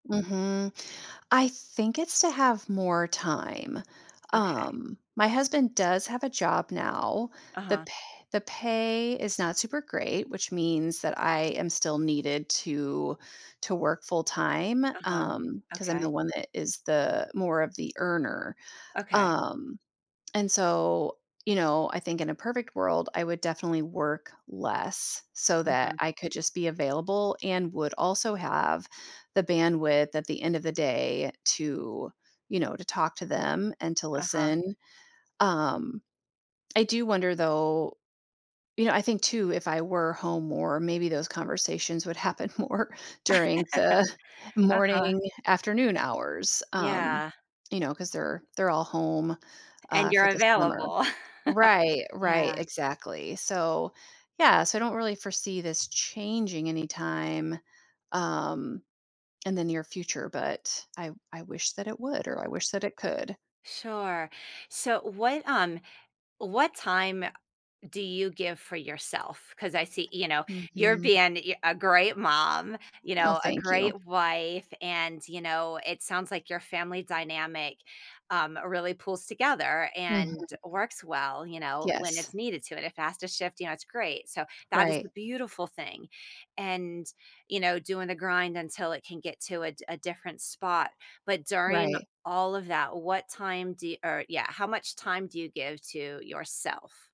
Mhm. I think it's to have more time. Okay. Um, my husband does have a job now, the Uh-huh. pa the pay is not super great, which means that I am still needed to to work full time, Uh-huh. um, 'cause I'm Okay. the one that is the more of the earner, Okay. um, and so, you know, I think in a perfect world, I would definitely work less so that Mhm. I could just be available and would also have the bandwidth at the end of the day to, you know, to talk to them and to Uh-huh. listen. Um, I do wonder though you know, I think too, if I were home more, maybe those conversations would happen more during the Uh-huh. morning, afternoon hours, um, Yeah. you know, 'cause they're they're all home, And uh, you're for the summer. available. Right, right, Yeah. exactly. So, yeah, so I don't really foresee this changing anytime, um, in the near future, but I w I wish that it would, or I wish that it could. Sure. So what um, what time do you give for yourself? 'Cause I see you know, you're Mhm. being yeah, a great mom, you Oh, know, a thank you. great wife, and, you know, it sounds like your family dynamic, um, really pulls together and Mhm. works well, you know, when Yes. it's needed to, in a faster to shift, you know, it's great. So that is the Right. beautiful thing, and, you know, doing the grind until it can get to a d a different spot, but during Right. all of that, what time do or, yeah, how much time do you give to yourself?